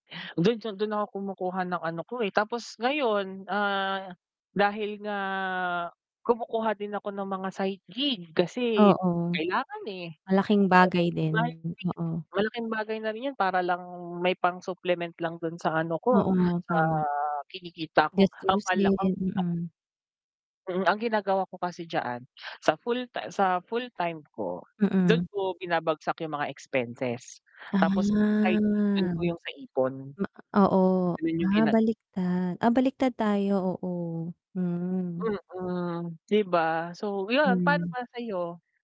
Dun sa dun ako kumukuha ng ano ko, eh. Tapos ngayon, ah, dahil nga kumukuha din ako ng mga side gig kasi Oo. kailangan, eh. Malaking [unintelligible] bagay din, m oo. malaking bagay na rin 'yun para lang may pang supplement lang dun sa ano ko Oo, sa tama. kinikita ko. Akala Gastusin, kong mm. Mm, ang ginagawa ko kasi diyaan sa full ta sa full-time ko, dun Mm. ko binabagsak 'yung mga expenses, tapos 'pag sa side gig dun Ah. ko 'yung sa ipon. Ma oo, Ganun 'yung ah, gina baliktad. Ah, baliktad tayo, oo, hmm. Mm, 'di ba. So 'yun, paano Hmm. ba sa'yo?